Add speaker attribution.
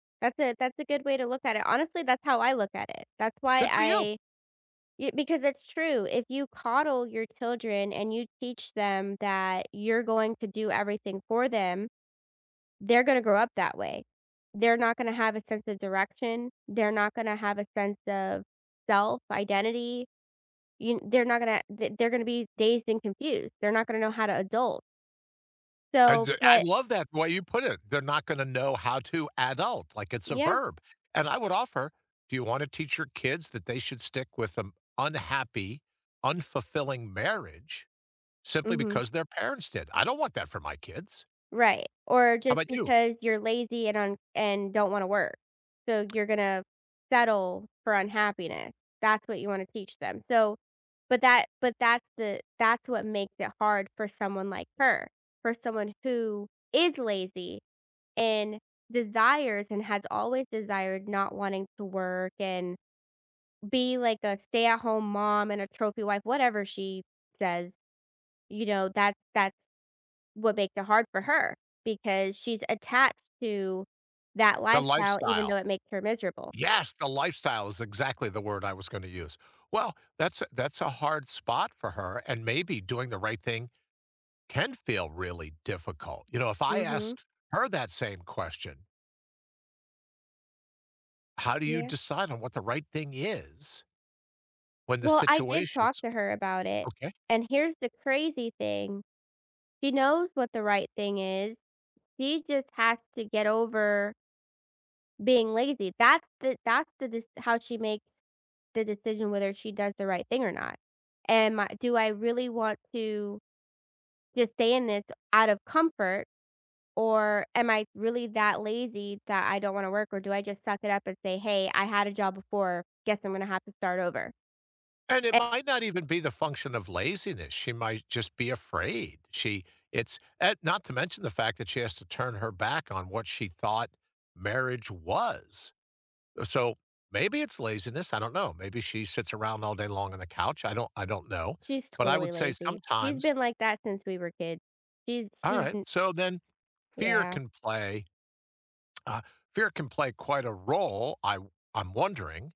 Speaker 1: That's a that's a good way to look at it. Honestly, that's how I look at it. That's why
Speaker 2: Good for you.
Speaker 1: I yeah, because it's true. If you coddle your children and you teach them that you're going to do everything for them, they're gonna grow up that way. They're not gonna have a sense of direction, they're not gonna have a sense of self, identity, you kn they're not gonna the they're gonna be dazed and confused. They're not gonna know how to adult.
Speaker 2: I
Speaker 1: So,
Speaker 2: do I
Speaker 1: but
Speaker 2: love that way you put it. They're not gonna know how to adult, like, it's a
Speaker 1: Yeah.
Speaker 2: verb, and I would offer, do you want to teach your kids that they should stick with an unhappy, unfulfilling marriage simply
Speaker 1: Mhm.
Speaker 2: because their parents did? I don't want that for my kids.
Speaker 1: Right, or
Speaker 2: How
Speaker 1: just
Speaker 2: about you?
Speaker 1: because you're lazy and un and don't wanna work, so you're gonna settle for unhappiness. That's what you wanna teach them. So, but that but that's the that's what makes it hard for someone like her, for someone who is lazy and desires, and has always desired, not wanting to work and be like a stay-at-home mom and a trophy wife, whatever she says, you know, that's that's what makes it hard for her, because she's attached to that
Speaker 2: The
Speaker 1: lifestyle, even
Speaker 2: lifestyle
Speaker 1: though it makes her miserable.
Speaker 2: yes, the "lifestyle" is exactly the word I was gonna use. Well, that's a that's a hard spot for her, and maybe doing the right thing can feel really difficult. You know, if I
Speaker 1: Mhm.
Speaker 2: asked her that same question how do you
Speaker 1: Yeah.
Speaker 2: decide on what the right thing is when the
Speaker 1: Well, I did talk
Speaker 2: situation's
Speaker 1: to her about it,
Speaker 2: okay.
Speaker 1: and here's the crazy thing, she knows what the right thing is, she just has to get over being lazy, that's the that's the de how she makes the decision whether she does the right thing or not. Am I do I really want to just stay in this out of comfort, or am I really that lazy that I don't wanna work, or do I just suck it up and say, "Hey, I had a job before, guess I'm gonna have to start over."
Speaker 2: And it
Speaker 1: E
Speaker 2: might not even be the function of laziness, she might just be afraid. She it's uh, not to mention the fact that she has to turn her back on what she thought marriage was, so maybe it's laziness, I don't know. Maybe she sits around all day long on the couch, I don't I don't know,
Speaker 1: She's
Speaker 2: but I
Speaker 1: totally
Speaker 2: would say
Speaker 1: lazy, she's
Speaker 2: sometimes
Speaker 1: been like that since we were kids. She's
Speaker 2: All
Speaker 1: she's
Speaker 2: right,
Speaker 1: n
Speaker 2: so then, fear
Speaker 1: Yeah.
Speaker 2: can play, uh, fear can play quite a role, I I'm wondering.